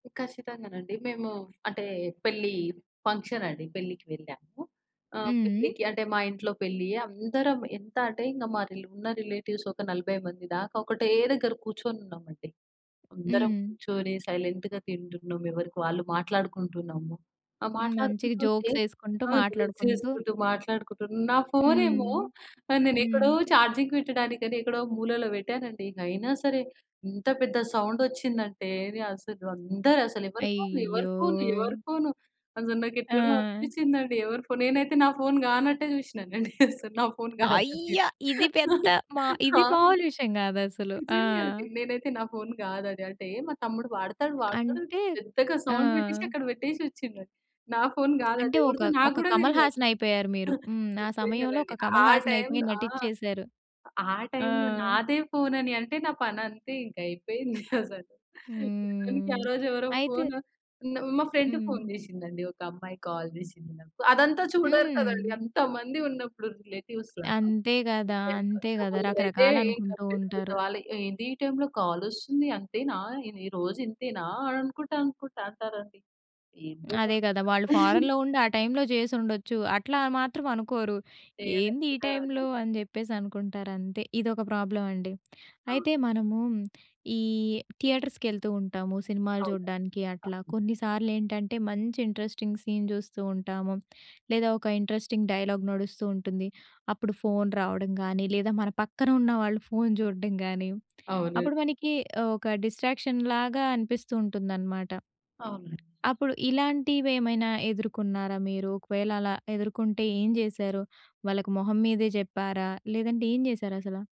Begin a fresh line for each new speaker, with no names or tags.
ఖచ్చితంగానండి. మేము అంటే పెళ్లి ఫంక్షన్ అండి. పెళ్లికి వెళ్ళాము. ఆహ్,
హ్మ్. హ్మ్.
పెళ్లికి అంటే మా ఇంట్లో పెళ్లి. అందరం ఎంత అంటే ఇంగ మా రి ఉన్న రిలేటివ్స్ ఒక 40 మంది దాకా ఒకటే దగ్గర కూర్చొనున్నామండి. అందరం
హ్మ్.
కూర్చొని సైలెంట్‌గా తింటున్నాం. ఎవరికి వాళ్ళు మాట్లాడుకుంటున్నాము. ఆ!
హ్మ్. మంచిగా
మాట్లాడుకుంటుంటే
జోక్స్ ఎసుకుంటూ,
ఆ! జోక్స్
మాట్లాడుకుంటూ
ఏసుకుంటూ మాట్లాడుకుంటూ నా ఫోనేమో
హ్మ్.
ఆహ్, నేనెక్కడో
హ్మ్.
చార్జింగ్ వెట్టడానికని ఎక్కడో మూలలో వెట్టానండి. అయినా సరే ఇంత పెద్ద సౌండ్ ఒచ్చిందంటే, నె అసలు అందరు అసలు ఎవరి ఫోను?
అయ్యో!
ఎవరి ఫోను? ఎవరి ఫోనను? అసలు నాకెట్లనో
ఆ!
అనిపిచిందండి. ఎవరి ఫోను? నేనైతే నా ఫోను కానట్టే జూశినానండి. అసలు నా ఫోన్ గాదని.
అయ్యా! ఇది
ఆ!
పెద్ద మా ఇది
ఆ!
మామూలు విషయం గాదసలు. ఆ!
నిజంగా అండి. నేనైతే నా ఫోను గాదు అది. అంటే మా తమ్ముడు వాడతాడు. వాడుతాడు
అంటే
పెద్దగా
ఆ!
సౌండ్ బెట్టేశి అక్కడ వెట్టేశొచ్చిండు. నా ఫోను
అంటే
గాదది.
ఒక
ఎవరిదో నాకు
ఒక
గూడా
కమల్
దెలవదు.
హాసన్ అయిపోయారు మీరు. హ్మ్. ఆ
అంతే
సమయంలో
గదండీ!
ఒక కమల్
ఆ
హాసన్ అయిపోయి
టైంలో ఆ!
నటిచ్చేసారు.
ఆ
ఆ!
టైంలో నాదే ఫోను అని అంటే నా పనంతే ఇక, అయిపోయింది అసలు. సమయానికి ఆ
హ్మ్.
రోజు ఎవరో
అయితే
ఫోను, మా ఫ్రెండ్ ఫోను
హ్మ్.
చేశిందండి. ఒక అమ్మాయి కాల్ జేశింది నాకు. అదంతా చూడరు కదండీ!
హ్మ్.
అంతమంది ఉన్నప్పుడు రిలేటివ్స్‌లో.
అంతే
ఈ
గదా!
టైంలో
అంతే
ఇంక
గదా!
కొందరైతే ఇంక
రకరకాలనుకుంటూ
అంతే.
ఉంటారు.
"ఏంది ఈ టైంలో కాలొస్తుంది? అంతేనా? ఇది రోజూ ఇంతేనా అనుకుంటా, అనుకుంటా" అంటారండి. ఏందో భాష
అదే గదా! వాళ్ళు ఫారెన్‌లో ఉండి ఆ టైంలో జేసుండొచ్చు. అట్లా ఆ మాత్రం అనుకోరు. ఏంది ఈ టైంలో
ఏదనుకుంటారండి!
అని జెప్పేసనుకుంటారు అంతే. ఇదొక ప్రాబ్లమ్ అండి.
ఆ!
అయితే మనము ఈ థియేటర్స్‌కి ఎళ్తూ ఉంటాము సినిమాలు జూడ్డానికి అట్లా.
అవును.
కొన్నిసార్లేంటంటే మంచి ఇంట్రెస్టింగ్ సీన్ జూస్తూ ఉంటాము లేదా, ఒక ఇంట్రెస్టింగ్ డైలాగ్ నడుస్తూ ఉంటుంది. అప్పుడు ఫోన్ రావడం గానీ లేదా మన పక్కన ఉన్న వాళ్ళు ఫోన్ జూడ్డం గాని,
అవునండి.
అప్పుడు మనకి ఒక డిస్ట్రాక్షన్‌లాగా అనిపిస్తూ ఉంటుందనమాట.
అవును.
అప్పుడు ఇలాంటివేమైనా ఎదుర్కొన్నారా మీరు? ఒకవేళ అలా ఎదుర్కొంటే ఏం జేసారు? వాళ్ళకి మొహం మీదే జెప్పారా? లేదంటే ఏం జేసారసలా?